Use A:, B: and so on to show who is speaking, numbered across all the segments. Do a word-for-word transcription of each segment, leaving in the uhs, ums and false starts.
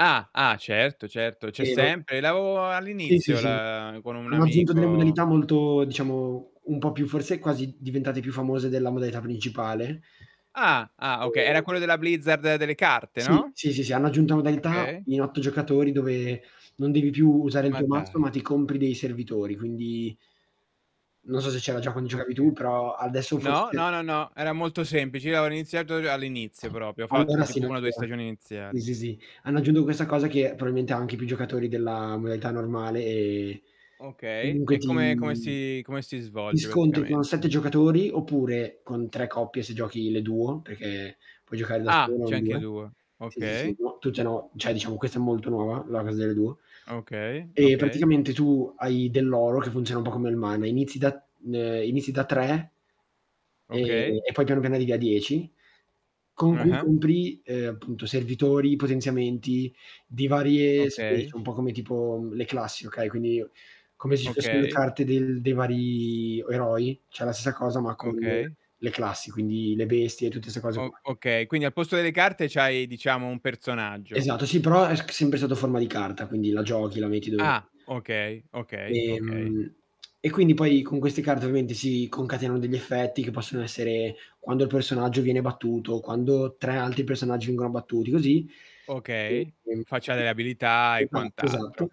A: Ah, ah, certo, certo, c'è
B: Che vo
A: sempre. Lavo a
B: Sì, sì,
A: all'inizio
B: sì.
A: la con un
B: Hanno aggiunto delle
A: amico.
B: modalità molto, diciamo, un po' più forse, quasi diventate più famose della modalità principale
A: Ah. Ah, oka Era
B: e
A: quello della Blizzard delle carte,
B: Sì.
A: no?
B: sì, sì, sì. Hanno aggiunto la modalità
A: Okay.
B: in otto giocatori, dove non devi più usare il
A: Ma
B: tuo mazzo,
A: dai.
B: ma ti compri dei servitori. Quindi non so se c'era già quando giocavi
A: Oka
B: tu, però adesso forse
A: No,
B: c'è
A: no, no, no, era molto semplice. Io avevo iniziato all'inizio propio, ho fatto
B: Allora sì,
A: tipo
B: non
A: una due
B: c'era.
A: stagioni
B: ì,
A: iniziali.
B: sì, sì. Hanno aggiunto questa cosa che, proailmente ha anche più giocatori della modalità normale, e
A: Okay.
B: comunque
A: E come come
B: ti
A: si come si
B: ti
A: svolge,
B: scontri con sette
A: praticamente?
B: giocatori, oppure con tre coppie se giochi le duo, perché puoi giocare da
A: Ah!
B: solo o
A: C'è
B: in
A: anche
B: due.
A: duo,
B: Sì, sì, sì.
A: okay.
B: No, tutte no, ceh diciamo questa è molto nuova, la cosa delle duo.
A: Okay,
B: E,
A: okay.
B: praticamente, tu hai dell'oro, che funziona un po' come il mana, inizi da ehm, inizi da tre
A: Okay.
B: e poi piano piano arrivi a dieci, con cui
A: Ah-ah.
B: compri, ehm, appunto servitori, potenziamenti di varie
A: Okay.
B: spiece, un po' come tipo, mhmm, le classi, okay, quindi, come se ci fossero le
A: Okay.
B: carte del dei vari eroi, ceh la stessa cosa, ma con
A: Okay.
B: le classi, quindi le bestie e tutte 'ste cose
A: O
B: qua.
A: okay, quindi al posto delle carte c'hai, diciamo, un personaggio.
B: Esatto, sì, però è c s sempre sotto forma di carta, quindi la giochi, la metti dove
A: Ah. Okay, okay, okay.
B: Ehm, e quindi poi con queste carte ovviamente si concatenano degli effetti, che possono essere: quando il personaggio viene battuto, quando tre alti personaggi vengono battuti, così.
A: Okay,
B: E
A: faccia
B: [unintelligible]
A: delle abilità e
B: esatto, esatto.
A: quant'altro.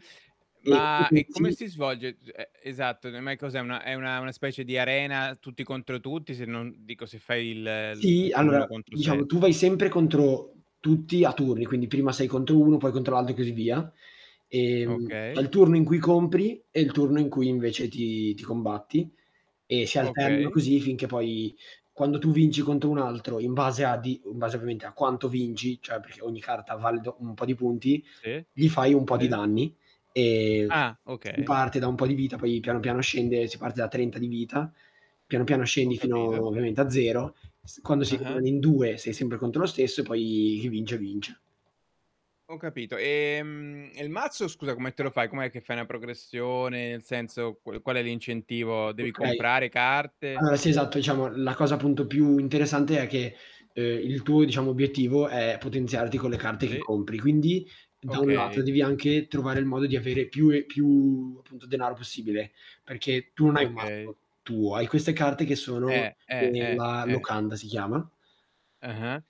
B: E ti
A: Ma, e come
B: potenzi
A: si svolge? G ehm, esatto, no mai cos'è, è una è una una specie di arena, tutti contro tutti, se non dico se fai il il
B: Sì.
A: tipo
B: Allora,
A: l'uno contro
B: diciamo, tu
A: sette.
B: vai sempre contro tutti, a turni, quindi prima sei contro uno, poi contro l'altro e così via; ehm, c'è
A: Okay.
B: il turno in cui compri e il turno in cui invece ti ti combatti. E si alternano
A: Okay.
B: così, finché poi, quando tu vinci contro un altro, in base a di in base ovviamente a quanto vinci, cioè perché ogni carta vale do un po' di punti,
A: Sì,
B: gli fai un po' di
A: sì.
B: danni. Ehm,
A: Ah,
B: s s
A: okay.
B: parte da un po' di vita, poi piano piano scende, si parte da trenta di vita, piano piano
A: Ho
B: scendi fino
A: capito.
B: ovviamente a zero. S quando si [unintelligible]
A: Ah-ah.
B: in due, sei sempre contro lo stesso e poi chi vince, vince.
A: Ho capito. Ehm, e il mazzo, scusa, come te lo fai? Com'è che fai una progressione? Nel senso qual qual è l'incentivo? Devi
B: Okay.
A: comprare carte?
B: Allora, sì esatto. Diciamo la cosa, appunto, più interessante, è che, ehm, il tuo, diciamo, obiettivo è potenziarti con le carte che
A: Sì.
B: compri, quindi da un lato,
A: Okay.
B: devi anche trovare il modo di avere più e più, appunto denaro possibile. Perché tu non hai un
A: Okay.
B: mazzo tuo, hai queste carte che sono
A: Eh, eh, eh
B: "Della
A: ,eh.
B: Locanda", si chiama.
A: Ah-ah.